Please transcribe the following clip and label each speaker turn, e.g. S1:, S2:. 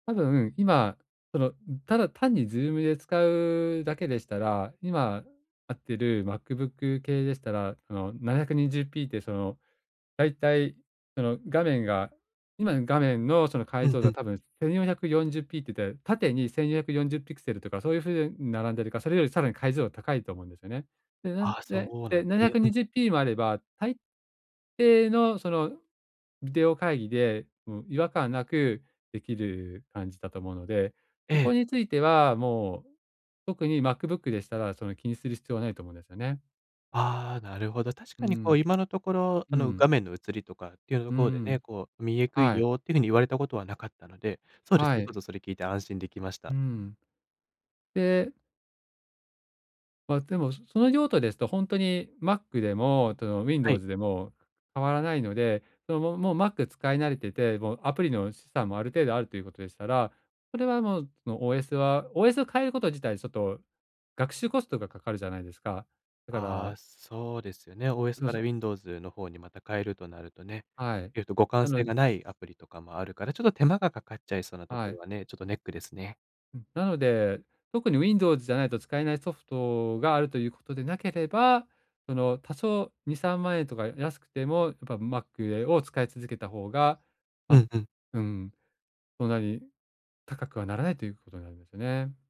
S1: たぶん、今、その、うん、ただ単に Zoom で使うだけでしたら、今あってる Macbook 系でしたら、その720 P ってその、だいたいその画面が今の画面のその
S2: う
S1: 解
S2: ん
S1: 像度
S2: う
S1: は
S2: ん。
S1: 多分1440 P って言って、縦に1440ピクセルとかそういう風並んでるか、それよりさらに解像度が高いと思うんですよね。で、なん
S2: ああ、
S1: で、
S2: そうな
S1: で、
S2: ん
S1: ななひゃ
S2: ね。
S1: く
S2: う
S1: に
S2: ん。
S1: じゅう P もあれば、大抵の、そのビデオ会議で、うん、違和感なくできる感じだと思うので、
S2: え
S1: そこ
S2: え。
S1: についてはもう特に Macbook でしたら、その気にする必要はないと思うんですよね。
S2: ああ、なるほど。確
S1: う
S2: かにこう、
S1: ん。
S2: 今のところ、あ
S1: う
S2: の、
S1: ん。
S2: 画面の映りとかっていうと
S1: う
S2: ころでね、
S1: ん。
S2: こう「見えくい
S1: はい。
S2: よ」っていうふうに言われたことはなかったので、そうです
S1: は
S2: れ、ちょ
S1: い。
S2: っとそれ聞いて安心できました。
S1: うん。でまあ、でも、その用途ですとほんとに Mac でも、との、
S2: はい。
S1: Windows でも変わらないので、そのももう Mac 使い慣れてて、もうアプリの資産もある程度あるということでしたら、それはもう、その OS は OS を変えること自体ちょっと、学習コストがかかるじゃないですか。だか
S2: あ
S1: ら
S2: あ、そうですよね。OS
S1: どう
S2: から
S1: ぞ。
S2: Windows の方にまた変えるとなるとね、
S1: はい、
S2: ええと、互換
S1: な
S2: 性
S1: の
S2: がないアプリとかもあるから、ちょっと手間がかかっちゃいそうなと
S1: は
S2: ころ
S1: い。
S2: はね、ちょっとネックですね。
S1: うん、なので、特に Windows じゃないと使えないソフトがあるということでなければ、その多少2、3万円とか安くてもやっぱ Mac、え、を使い続けた方が
S2: う
S1: あ、
S2: んうん。
S1: うん。そんなに高くはならないということになりますよね。